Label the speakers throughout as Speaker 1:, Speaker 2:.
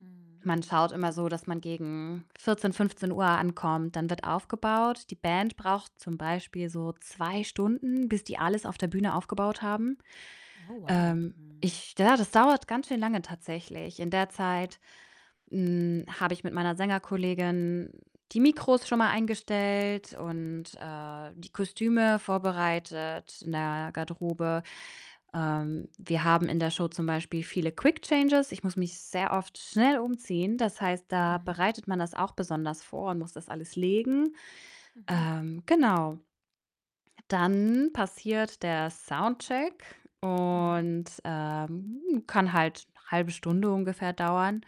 Speaker 1: Mhm,
Speaker 2: Man schaut
Speaker 1: mhm.
Speaker 2: immer so, dass man gegen 14, 15:00 ankommt, dann wird aufgebaut. Die Band braucht zum Beispiel so 2 Stunden, bis die alles auf der Bühne aufgebaut haben.
Speaker 1: Oh, wow,
Speaker 2: Ähm,
Speaker 1: mhm.
Speaker 2: ich ja, das dauert ganz schön lange tatsächlich. In der Zeit, hm, habe ich mit meiner Sängerkollegin die Mikros schon mal eingestellt und, äh, die Kostüme vorbereitet in der Garderobe. Ähm, wir haben in der Show zum Beispiel viele Quick Changes. Ich muss mich sehr oft schnell umziehen. Das heißt, da
Speaker 1: Mhm.
Speaker 2: bereitet man das auch besonders vor und muss das alles legen.
Speaker 1: Mhm.
Speaker 2: Ähm, genau. Dann
Speaker 1: [unintelligible]
Speaker 2: passiert der Soundcheck
Speaker 1: Mhm.
Speaker 2: und, ähm, kann halt 1/2 Stunde ungefähr dauern,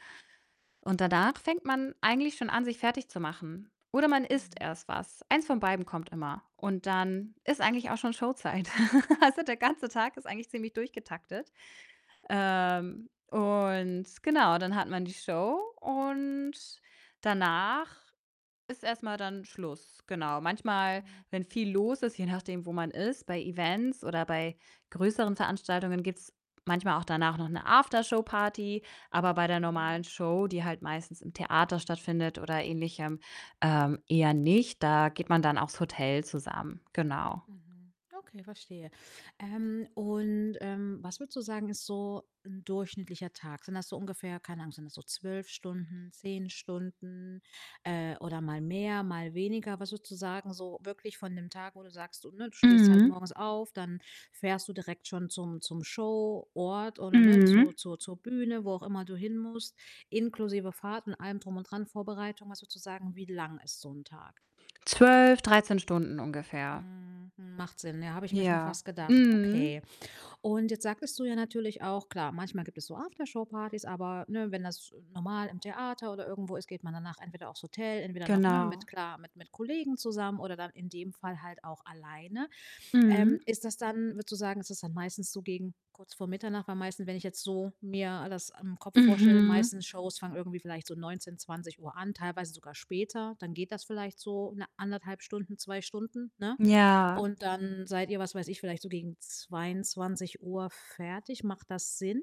Speaker 2: und danach fängt man eigentlich schon an, sich fertig zu machen, oder man isst
Speaker 1: Mhm.
Speaker 2: erst was. Eins von beidem kommt immer, und dann ist eigentlich auch schon Show-Zeit. Also, der ganze Tag ist eigentlich ziemlich durchgetaktet. Ähm, und genau, dann hat man die Show und danach ist erst mal dann Schluss. Genau. Manchmal, wenn
Speaker 1: Mhm.
Speaker 2: viel los ist, je nachdem, wo man ist bei Events oder bei größeren Veranstaltungen gibt's manchmal auch danach noch 'ne After-Show-Party, aber bei der normalen
Speaker 1: Mhm.
Speaker 2: Show, die halt meistens im Theater stattfindet oder ähnlichem, ähm, eher nicht. Da geht man dann aufs Hotel zusammen. Genau.
Speaker 1: Mhm. Okay, verstehe. Ähm, und, ähm, was würdest du sagen, ist so 'n durchschnittlicher Tag? Sind das so ungefähr keine Ahnung, sind das so 12 Stunden, 10 Stunden, äh, oder mal mehr, mal weniger? Was würdest du sagen, so wirklich von 'nem Tag, wo du sagst, du, ne du stehst halt
Speaker 2: Mhm.
Speaker 1: morgens auf, dann fährst du direkt schon zum zum Show-Ort oder, ne,
Speaker 2: Mhm.
Speaker 1: zur zur zur Bühne, wo auch immer du hin musst, inklusive Fahrt und allem drum und dran, Vorbereitung. Was würdest du sagen, wie lang ist so 'n Tag?
Speaker 2: 12, 13 Stunden ungefähr.
Speaker 1: Mhm, mhm, macht Sinn, ja, habe ich mir schon
Speaker 2: Ja,
Speaker 1: fast gedacht.
Speaker 2: mhm.
Speaker 1: Okay. Und jetzt sagtest du ja natürlich auch, klar, manchmal gibt es so After-Show-Partys, aber, ne, wenn das normal im Theater oder irgendwo ist, geht man danach entweder aufs Hotel entweder noch, ne, mit,
Speaker 2: Genau.
Speaker 1: klar mit mit Kollegen zusammen oder dann in dem Fall halt auch alleine. Ähm,
Speaker 2: Mhm.
Speaker 1: ist das dann würdest du sagen, ist das dann meistens so gegen kurz vor Mitternacht? Weil meistens, wenn ich jetzt so mir das im Kopf vorstelle, die
Speaker 2: Mhm.
Speaker 1: meisten Shows fangen irgendwie vielleicht so 19, 20:00 an, teilweise sogar später. Dann geht das vielleicht so, ne, 1 1/2 Stunden, 2 Stunden, ne?
Speaker 2: Ja.
Speaker 1: Und dann seid ihr, was weiß ich, vielleicht so gegen 22:00 fertig. Macht das Sinn?